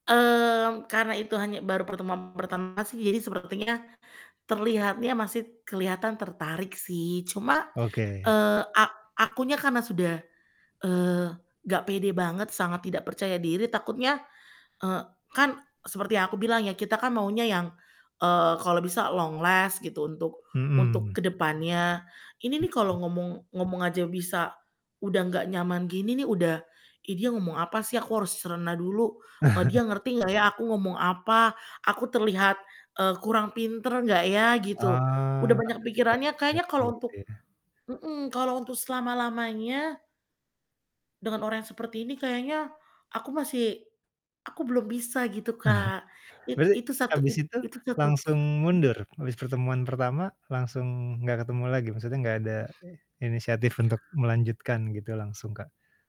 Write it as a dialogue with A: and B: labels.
A: Mmm, karena itu hanya baru pertemuan pertama sih jadi sepertinya, terlihatnya masih keliatan tertarik sih cuma,
B: Oke.
A: eee, a akunya karena sudah, eee, nggak pede banget, sangat tidak percaya diri takutnya, eee, kan seperti yang aku bilang ya, kita kan maunya yang, eee, kalau bisa long last gitu, untuk untuk
B: Hmm.
A: ke depannya. Ini nih kalo
B: Mhm.
A: ngomong ngomong aja bisa udah gak nyaman gini nih, udah, "Ih dia ngomong apa sih? Aku harus cerna dulu, eee, dia ngerti nggak ya aku ngomong apa? Aku terlihat, eee, kurang pinter nggak ya?" Gitu. Udah
B: Ah,
A: banyak pikirannya, kayaknya
B: [unintelligible]
A: kalo
B: gitu
A: untuk
B: ya.
A: mhm, kalo untuk selama-lamanya dengan orang yang seperti ini kayaknya aku masih aku belum bisa gitu, Kak. It
B: Berarti
A: itu satu
B: habis
A: it
B: itu
A: itu tutup
B: langsung
A: mhm.
B: mundur? Habis pertemuan pertama langsung nggak ketemu lagi? Maksudnya nggak ada, eee, inisiatif untuk melanjutkan gitu langsung, Kak?